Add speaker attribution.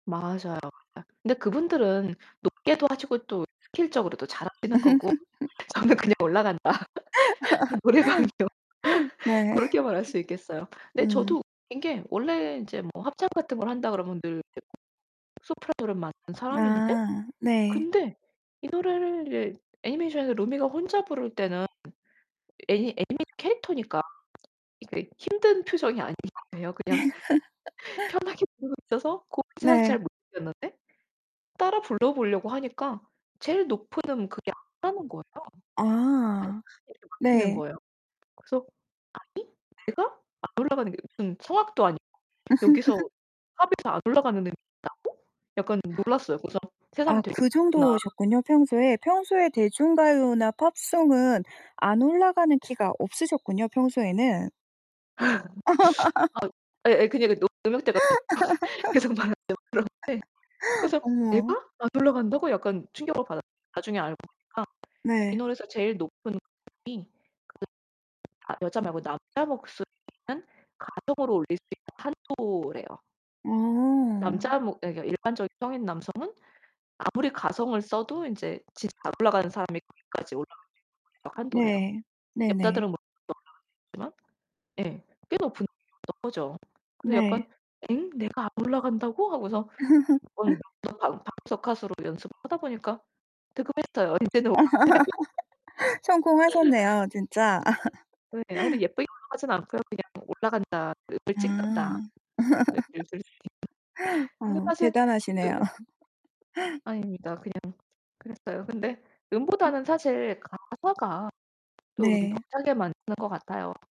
Speaker 1: 맞아요. 아 근데 그분들은 높게도 하시고 또 스킬적으로도 잘하시는 거고 저는 그냥 올라간다. 노래방이요.
Speaker 2: 네.
Speaker 1: 고렇게 말할 수 있겠어요. 근데
Speaker 2: 음.
Speaker 1: 저도 웃긴 게 원래 인제 뭐 합창 같은 걸 한다 그러면 늘 이제 소프라노를 맡는 사람인데
Speaker 2: 아 네.
Speaker 1: 근데 이 노래를 애니메이션에서 루미가 혼자 부를 때는 애니 애니메이션 캐릭터니까 이게 힘든 표정이 아니에요. 그냥 편하게 부르고 있어서 고음을 사실
Speaker 2: 네.
Speaker 1: 잘 못 느꼈는데 따라 불러보려고 하니까 제일 높은 음 그게 안 하는 거예요.
Speaker 2: 아.
Speaker 1: [unintelligible] 막히는
Speaker 2: 네.
Speaker 1: 거예요. 그래서 '아니 내가 안 올라가는 게 무슨 성악도 아니고 여기서 팝에서 안 올라가는 음이 있다고?' 약간 놀랐어요. 그래서 새삼
Speaker 2: 아
Speaker 1: '되게
Speaker 2: 그
Speaker 1: 높구나.'
Speaker 2: 정도셨군요, 평소에. 평소에 대중가요나 팝송은 안 올라가는 키가 없으셨군요, 평소에는.
Speaker 1: 아 예예 그냥 이게 높 음역대가 계속 막 이렇게 올라가는데 그래서
Speaker 2: 어머.
Speaker 1: '내가? 안 올라간다고?' 약간 충격을 받았어요. 나중에 알고 보니까 이
Speaker 2: 네.
Speaker 1: 노래에서 제일 높은 음이 그 나 여자 말고 남자 목소리는 가성으로 올릴 수 있는 한도래요.
Speaker 2: 어.
Speaker 1: 남자 뭐 이 그러니까 일반적인 성인 남성은 아무리 가성을 써도 인제 진짜 안 올라가는 사람이 거기까지 올라갈 수 있는 [unintelligible] 한도래요.
Speaker 2: 네 네네.
Speaker 1: 여자들은 물론 올라갈 수 있지만 예 꽤 높은 음이었던 거죠. 그래서
Speaker 2: 네.
Speaker 1: 약간 '엥? 내가 안 올라간다고?' 하고서 몇 번 [unintelligible] 방구석 가수로 연습을 하다 보니까 득음했어요. 인제는 올라가요.
Speaker 2: 성공하셨네요, 진짜.
Speaker 1: 네, 아 근데 예쁘게 올라가진 않고요 '그냥 올라간다. 그 음을 찍는다.'
Speaker 2: 아.
Speaker 1: [unintelligible] 근데
Speaker 2: 어
Speaker 1: 사실 그
Speaker 2: 대단하시네요.
Speaker 1: 아닙니다. 그냥 그랬어요. 근데
Speaker 2: 음.
Speaker 1: 음보다는 사실 가사가 좀
Speaker 2: 네.
Speaker 1: 벅차게 만드는 것 같아요.